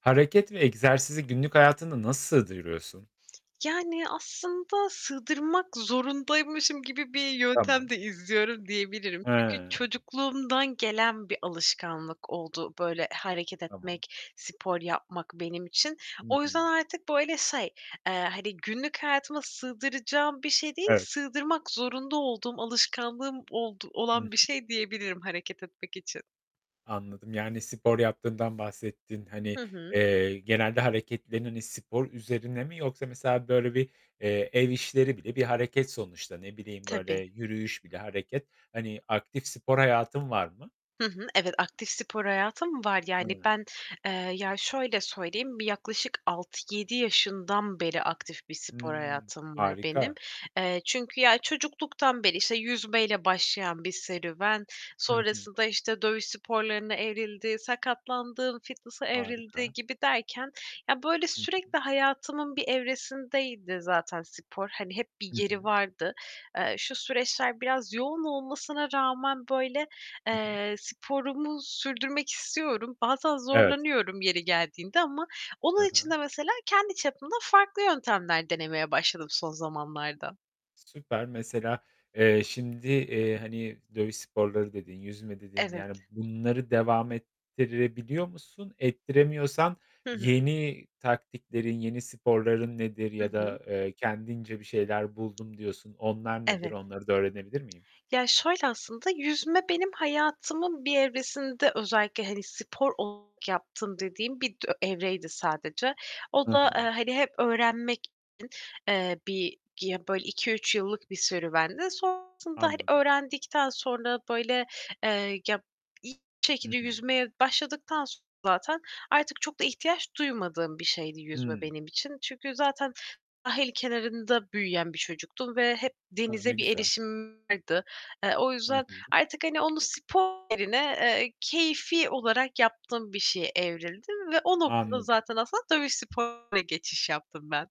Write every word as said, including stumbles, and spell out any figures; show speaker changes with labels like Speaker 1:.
Speaker 1: Hareket ve egzersizi günlük hayatında nasıl sığdırıyorsun?
Speaker 2: Yani aslında sığdırmak zorundaymışım gibi bir yöntem
Speaker 1: Tamam.
Speaker 2: de izliyorum diyebilirim. Çünkü
Speaker 1: He.
Speaker 2: çocukluğumdan gelen bir alışkanlık oldu böyle hareket
Speaker 1: Tamam.
Speaker 2: etmek, spor yapmak benim için.
Speaker 1: Hı
Speaker 2: O
Speaker 1: hı.
Speaker 2: yüzden artık böyle şey, eee, hani günlük hayatıma sığdıracağım bir şey değil,
Speaker 1: Evet.
Speaker 2: sığdırmak zorunda olduğum alışkanlığım oldu
Speaker 1: Hı hı.
Speaker 2: olan bir şey diyebilirim hareket etmek için.
Speaker 1: Anladım. Yani spor yaptığından bahsettin. Hani,
Speaker 2: Hı hı.
Speaker 1: eee, genelde hareketlerin hani, spor üzerine mi yoksa mesela böyle bir, eee, ev işleri bile bir hareket sonuçta. Ne bileyim, böyle
Speaker 2: Tabii.
Speaker 1: yürüyüş bile hareket. Hani aktif spor hayatın var mı?
Speaker 2: Hı hı. Evet, aktif spor hayatım var. Yani
Speaker 1: Hı.
Speaker 2: ben, eee, ya şöyle söyleyeyim, bir yaklaşık altı yedi yaşından beri aktif bir spor
Speaker 1: Hımm.
Speaker 2: hayatım var benim.
Speaker 1: Harika.
Speaker 2: Eee, çünkü ya çocukluktan beri işte yüzmeyle başlayan bir serüven,
Speaker 1: Hı hı.
Speaker 2: sonrasında işte dövüş sporlarına evrildi, sakatlandım, fitness'a evrildi
Speaker 1: Harika.
Speaker 2: gibi derken, ya, böyle
Speaker 1: Hı hı.
Speaker 2: sürekli hayatımın bir evresindeydi zaten spor. Hani hep bir
Speaker 1: Hı
Speaker 2: yeri
Speaker 1: hı.
Speaker 2: vardı. Eee, şu süreçler biraz yoğun olmasına rağmen böyle,
Speaker 1: Hı hı.
Speaker 2: eee, sporumu sürdürmek istiyorum. Bazen
Speaker 1: Evet.
Speaker 2: zorlanıyorum yeri geldiğinde ama
Speaker 1: He
Speaker 2: onun için
Speaker 1: he.
Speaker 2: de mesela kendi çapımda farklı yöntemler denemeye başladım son zamanlarda.
Speaker 1: Süper. Mesela, eee, şimdi, eee, hani "dövüş sporları" dedin, "yüzme" dedin.
Speaker 2: Evet.
Speaker 1: Yani bunları devam ettirebiliyor musun? Ettiremiyorsan
Speaker 2: Hı hı.
Speaker 1: yeni taktiklerin, yeni sporların nedir?
Speaker 2: Hı
Speaker 1: Ya
Speaker 2: hı.
Speaker 1: da, eee, kendince "Bir şeyler buldum." diyorsun. Onlar nedir?
Speaker 2: Evet.
Speaker 1: Onları da öğrenebilir miyim?
Speaker 2: Ya, şöyle aslında, yüzme benim hayatımın bir evresinde özellikle hani spor olarak yaptığım dediğim bir dö evreydi sadece. O
Speaker 1: Hı
Speaker 2: da eee,
Speaker 1: hı.
Speaker 2: hani hep öğrenmek için, eee, bir ya, böyle iki üç bir serüvendi. Sonrasında, hani,
Speaker 1: Anladım.
Speaker 2: öğrendikten sonra böyle, eee, ya, iyi
Speaker 1: Hı
Speaker 2: şekilde
Speaker 1: hı.
Speaker 2: yüzmeye başladıktan sonra zaten artık çok da ihtiyaç duymadığım bir şeydi yüzme
Speaker 1: Hımm.
Speaker 2: benim için. Çünkü zaten sahil kenarında büyüyen bir çocuktum ve hep
Speaker 1: A, ne
Speaker 2: denize bir
Speaker 1: güzel.
Speaker 2: erişimim vardı. Eee, o
Speaker 1: Hı
Speaker 2: yüzden
Speaker 1: hı.
Speaker 2: artık hani onu spor yerine, eee, keyfî olarak yaptığım bir şeye evrildi ve o noktada
Speaker 1: Anladım.
Speaker 2: zaten aslında dövüş geçiş yaptım ben.